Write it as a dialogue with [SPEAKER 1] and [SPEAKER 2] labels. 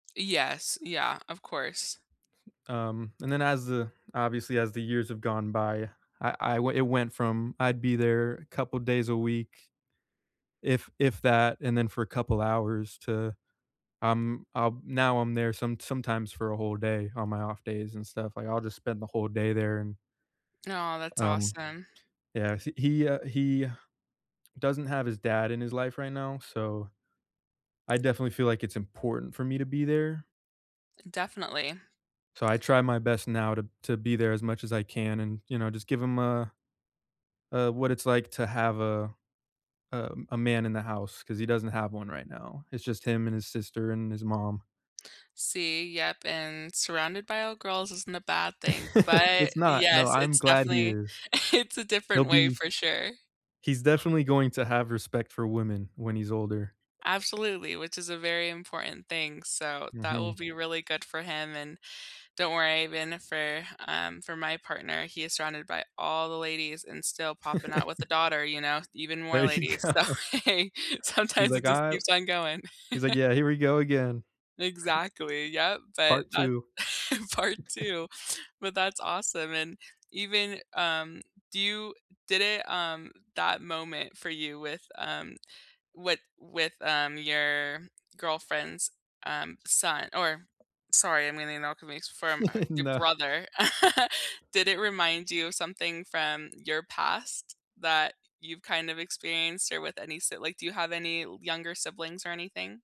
[SPEAKER 1] Yes. Yeah, of course.
[SPEAKER 2] Um, and then as the obviously, as the years have gone by, I I w it went from I'd be there a couple days a week if if that, and then for a couple hours to, um, um, now I'm there some sometimes for a whole day on my off days and stuff, like, I'll just spend the whole day there an
[SPEAKER 1] Aw, that's
[SPEAKER 2] Um,
[SPEAKER 1] awesome.
[SPEAKER 2] yeah. He he, uh, he doesn't have his dad in his life right now, so, I definitely feel like it's important for me to be there.
[SPEAKER 1] N definitely.
[SPEAKER 2] So, I try my best now to to be there as much as I can and, you know, just give him a a what it's like to have a a a man in the house 'cause he doesn't have one right now. It's just him and his sister and his mom.
[SPEAKER 1] See? Yep, and surrounded by all girls isn't a bad thing, but,
[SPEAKER 2] It's not. No,
[SPEAKER 1] yes,
[SPEAKER 2] I'm
[SPEAKER 1] it's
[SPEAKER 2] glad he
[SPEAKER 1] definitely
[SPEAKER 2] is.
[SPEAKER 1] it's a
[SPEAKER 2] He'll
[SPEAKER 1] different way
[SPEAKER 2] be
[SPEAKER 1] for sure.
[SPEAKER 2] he's definitely going to have respect for women when he's older.
[SPEAKER 1] Absolutely, which is a very important thing, so, that will
[SPEAKER 2] Mhm.
[SPEAKER 1] be really good for him and don't worry, been it for, um, for my partner, he is surrounded by all the ladies and still popping out with a daughter, you know, even more
[SPEAKER 2] There you
[SPEAKER 1] ladies. So,
[SPEAKER 2] go. He's
[SPEAKER 1] sometimes it
[SPEAKER 2] like,
[SPEAKER 1] just
[SPEAKER 2] "I"
[SPEAKER 1] keeps on going.
[SPEAKER 2] He's like, "Yeah. Here we go again."
[SPEAKER 1] Exactly, yep, but
[SPEAKER 2] Part
[SPEAKER 1] that
[SPEAKER 2] 2.
[SPEAKER 1] part 2. But that's awesome and even, um, do you did it, um, that moment for you with, um, with with, um, your girlfriend's, um, son or sorry, I mean, [unintelligible] from your
[SPEAKER 2] No.
[SPEAKER 1] brother, did it remind you of something from your past that you've kind of experienced or with any s like do you have any younger siblings or anything?